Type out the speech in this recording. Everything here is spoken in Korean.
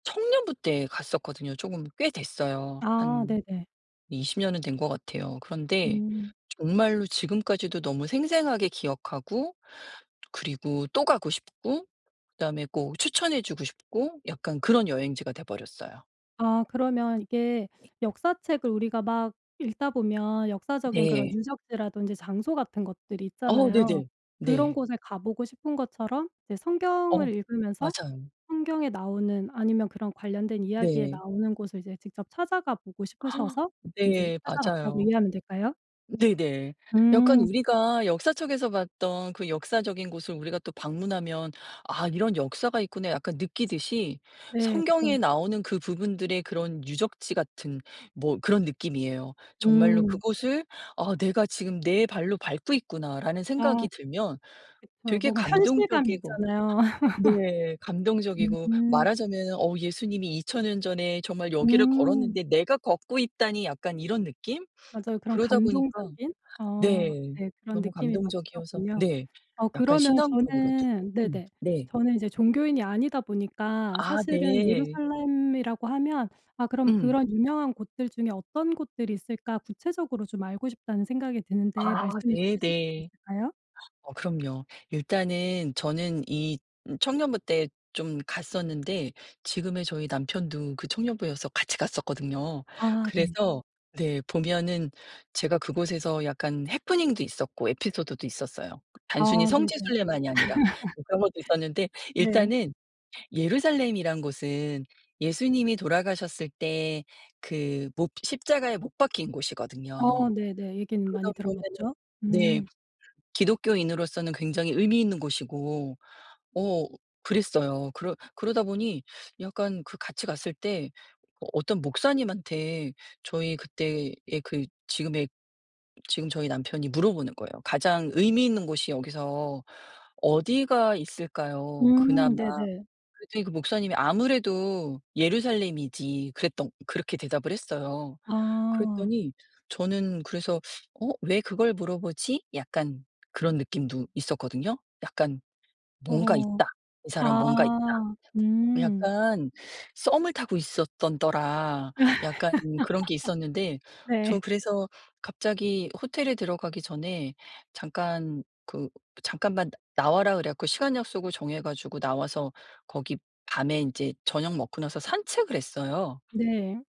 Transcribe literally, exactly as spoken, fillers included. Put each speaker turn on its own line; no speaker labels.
청년부 때 갔었거든요. 쪼금 꽤 됐어요.
아
한
네네.
이십 년은 된 것 같아요. 그런데
음.
정말로 지금까지도 너무 생생하게 기억하고 그리고 또 가고 싶고 그다음에 꼭 추천해 주고 싶고 약간 그런 여행지가 돼 버렸어요.
아 그러면 이게 역사책을 우리가 막 읽다 보면 역사적인 그런
네.
유적지라든지 장소 같은 것들이
어
있잖아요.
네네.
그런
네.
곳에 가 보고 싶은 것처럼 이제
어
성경을 읽으면서
맞아요.
성경에 나오는 아니면 그런 관련된 이야기에
네.
나오는 곳을 이제 직접 찾아가 보고 싶으셔서 이제
네
찾아갔다고
맞아요.
이해하면 될까요?
네네 약간
음.
우리가 역사책에서 봤던 그 역사적인 곳을 우리가 또 방문하면 '아 이런 역사가 있구나.' 약간 느끼듯이
네. 그쵸.
성경에 나오는 그 부분들의 그런 유적지 같은 뭐 그런 느낌이에요. 정말로
음.
그곳을 '아 내가 지금 내 발로 밟고 있구나.'라는
아.
생각이 들면
그쵸.
되게
뭔가 현실감이
감동적이고
있잖아요.
네 감동적이고
음.
말하자면은 '어 예수님이 이천 년 전에 정말 여기를
음.
걸었는데 내가 걷고 있다니.' 약간 이런 느낌?
맞아요. 그런
그러다 보니까
감동적인? 어
네
네 그런
너무
느낌이 막
감동적이어서
드셨군요.
네
어
약간
그러면
신앙적으로도.
저는
음
네네
네.
저는 이제 종교인이 아니다 보니까
아
사실은
네.
예루살렘이라고 하면 아 그럼
음.
그런 유명한 곳들 중에 어떤 곳들이 있을까 구체적으로 좀 알고 싶다는 생각이 드는데
아
말씀을 좀 해 주실 수
네네.
있을까요?
어 그럼요. 일단은 저는 이 음 청년부 때 좀 갔었는데 지금의 저희 남편도 그 청년부여서 같이 갔었거든요.
아 네.
그래서 네 보면은 제가 그곳에서 약간 해프닝도 있었고 에피소드도 있었어요. 단순히
아
성지
네네.
순례만이 아니라 뭐 그런 것도 있었는데
네.
일단은 예루살렘이란 곳은 예수님이 돌아가셨을 때 그 못 십자가에 못 박힌
아
곳이거든요.
네네. 얘기는
그런
많이
의미에는
들어봤죠.
네
음.
기독교인으로서는 굉장히 의미 있는 곳이고 어 그랬어요. 그러 그러다 보니 약간 그 같이 갔을 때 어 어떤 목사님한테 저희 그때의 그 지금의 지금 저희 남편이 물어보는 거예요. "가장 의미 있는 곳이 여기서 어디가 있을까요
음
그나마?"
네네.
그랬더니 그 목사님이 "아무래도 예루살렘이지." 그랬던 그렇게 대답을 했어요.
아.
그랬더니 저는 그래서 '어 왜 그걸 물어보지?' 약간 그런 느낌도 있었거든요. 약간 '뭔가
어허.
있다. 이 사람 뭔가 있다.'
아 음.
약간 썸을 타고 있었던더라 약간 그런 게 있었는데
네.
저 그래서 갑자기 호텔에 들어가기 전에 "잠깐 그 잠깐만 나와라." 그래 갖고 시간 약속을 정해 가지고 나와서 거기 밤에 인제 저녁 먹고 나서 산책을 했어요.
네.